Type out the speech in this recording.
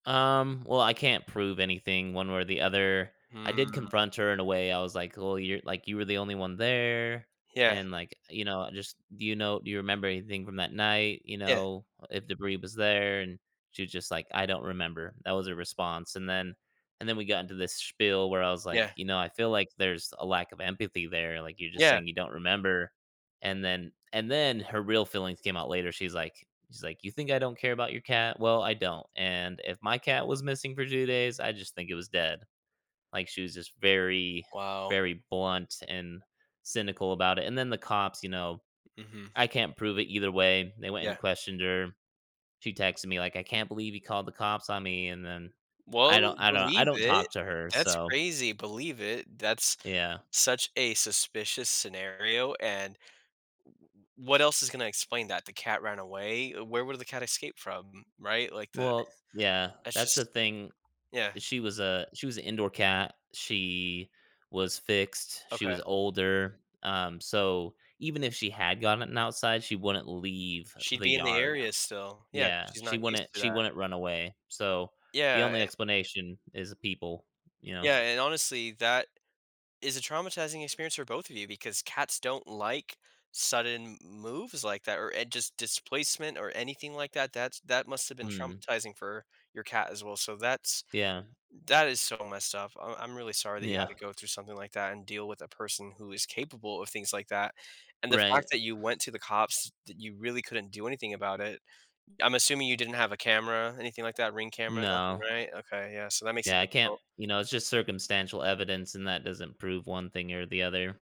Um, well, I can't prove anything one way or the other. I did Mm. confront her in a way, I was, like, "Well, you're, like you were the only one there,” Yeah. and, like, you know, just "Do you know do you remember anything from that night?" You Yeah. know, "If debris was there," and she was just, like, "I don't remember." That was her response, and then and then we got into this spiel where I was, like, Yeah. "You know, I feel like there's a lack of empathy there, like, you're just Yeah. saying, "You don't remember." And then and then her real feelings came out later she's, like she's like, "You think I don't care about your cat? Well, I don't and if my cat was missing for 2 days, I just think it was dead." Like, she was just very, Wow. very blunt and cynical about it, and then the cops, you know Mhm. I can't prove it either way, they went and Yeah. questioned her. She texted me, like, "I can't believe you called the cops on me," and then I Well, don't I don't I believe don't it. talk to her, That's so crazy, believe it, that's Yeah. such a suspicious scenario, and wh what else is gonna explain that? The cat ran away? Where would the cat escape from? M Right? Like, the Well yeah, that's that's the just thing. Yeah. She was a she was a indoor cat. She was fixed. She Okay. was older, um, so, even if she had gotten outside, she wouldn't leave She'd the be in the yard. area still, yeah. Yeah, She's not she used wouldn't to she that. wouldn't run away, so, the Yeah, only and explanation is people, you know. Yeah, and, honestly, that is a traumatizing experience for both of you because cats don't like sudden m moves like that or an just displacement or anything like that. That's that must have been Mhm. traumatizing for your cat as well, so, that's Yeah. that is so messed up, I'm I'm really sorry that you had Yeah. to go through something like that and deal with a person who is capable of things like that, and the fact Right. that you went to the cops that you really couldn't do anything about it. Uh, I'm assuming you didn't have a camera, anything like that, Ring camera, nothing, No. right? Okay, yeah, so that makes it Yeah, I can't difficult. you know, it's just circumstantial evidence, and that doesn't prove one thing or the other.